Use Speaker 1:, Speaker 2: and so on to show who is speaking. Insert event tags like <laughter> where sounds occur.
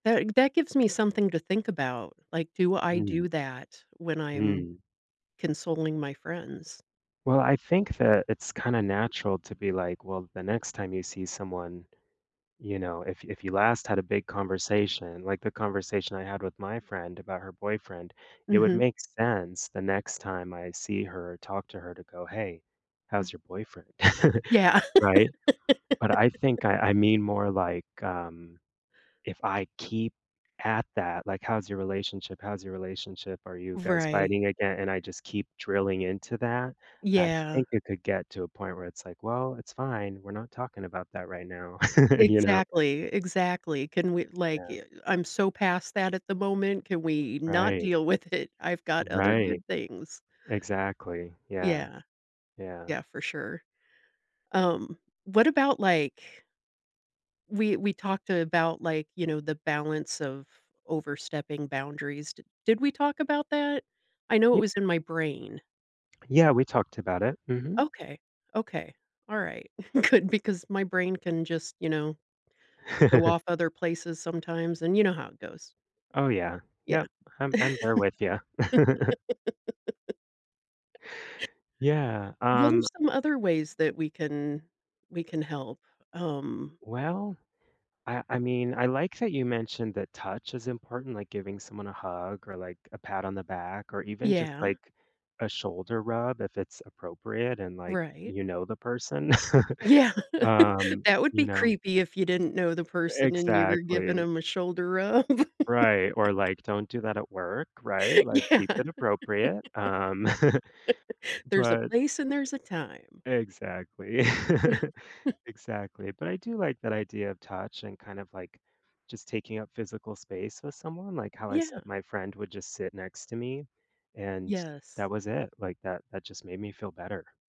Speaker 1: That that gives me something to think about. Like, do I
Speaker 2: Mhm.
Speaker 1: do that when I'm
Speaker 2: Mm.
Speaker 1: consoling my friends?
Speaker 2: Well, I think that it's kinda natural to be, like, well, the next time you see someone, you know, if if you last had a big conversation, like the conversation I had with my friend about her boyfriend, it would
Speaker 1: Mhm.
Speaker 2: make sense the next time I see her or talk to her to go, "Hey,
Speaker 1: Mm.
Speaker 2: how's your boyfriend?" <chuckles>
Speaker 1: Yeah.
Speaker 2: right? But I
Speaker 1: <laughs>
Speaker 2: think I I mean more like, um, if I keep at that, like, "How's your relationship? How's your relationship? Are you guys
Speaker 1: Right.
Speaker 2: fighting again?" And I just keep drilling into that, I
Speaker 1: Yeah.
Speaker 2: think it could get to a point where it's like, "Well, it's fine, we're not talking about that right now," <laughs> you know?
Speaker 1: Exactly, exactly. Can we, like,
Speaker 2: Yeah.
Speaker 1: y I'm so past that at the moment. Can we not
Speaker 2: Right.
Speaker 1: deal with it? I've got other
Speaker 2: Right.
Speaker 1: good things.
Speaker 2: Exactly, yeah.
Speaker 1: Yeah.
Speaker 2: Yeah.
Speaker 1: Yeah, for sure. Um, what about like We we talked about, like, you know, the balance of overstepping boundaries. Did did we talk about that? I know it
Speaker 2: Ye
Speaker 1: was in my brain.
Speaker 2: Yeah, we talked about it. Mhm.
Speaker 1: Okay, okay, all right, good, because my brain can just, you know, go
Speaker 2: <laughs>
Speaker 1: off other places sometimes, and you know how it goes.
Speaker 2: Oh, yeah,
Speaker 1: Yeah.
Speaker 2: yep, I'm
Speaker 1: <laughs>
Speaker 2: I'm there with ya. <laughs> Yeah,
Speaker 1: What are
Speaker 2: um
Speaker 1: some other ways that we can we can help, um
Speaker 2: Well, I I mean, I like that you mentioned that touch is important, like giving someone a hug or, like, a pat on the back or even just,
Speaker 1: Yeah.
Speaker 2: like, a shoulder rub if it's appropriate and, like,
Speaker 1: Right.
Speaker 2: you know the person.
Speaker 1: Yeah,
Speaker 2: <chuckles>
Speaker 1: <laughs>
Speaker 2: Um,
Speaker 1: that would
Speaker 2: you
Speaker 1: be
Speaker 2: know
Speaker 1: creepy if you didn't know the
Speaker 2: E
Speaker 1: person and you were giving
Speaker 2: exactly.
Speaker 1: 'em a shoulder rub. <laughs>
Speaker 2: Right, or like, don't do that at work, right? Like,
Speaker 1: Yeah.
Speaker 2: keep it appropriate. Um
Speaker 1: <laughs>
Speaker 2: <chuckles>
Speaker 1: There's a
Speaker 2: But
Speaker 1: place and there's a time.
Speaker 2: Exactly. <chuckles>
Speaker 1: <chuckles>
Speaker 2: Exactly, but I do like that idea of touch and kind of, like, just taking up physical space with someone, like how I said
Speaker 1: Yeah.
Speaker 2: my friend would just sit next to me and
Speaker 1: Yes.
Speaker 2: that was it, like, that that just made me feel better.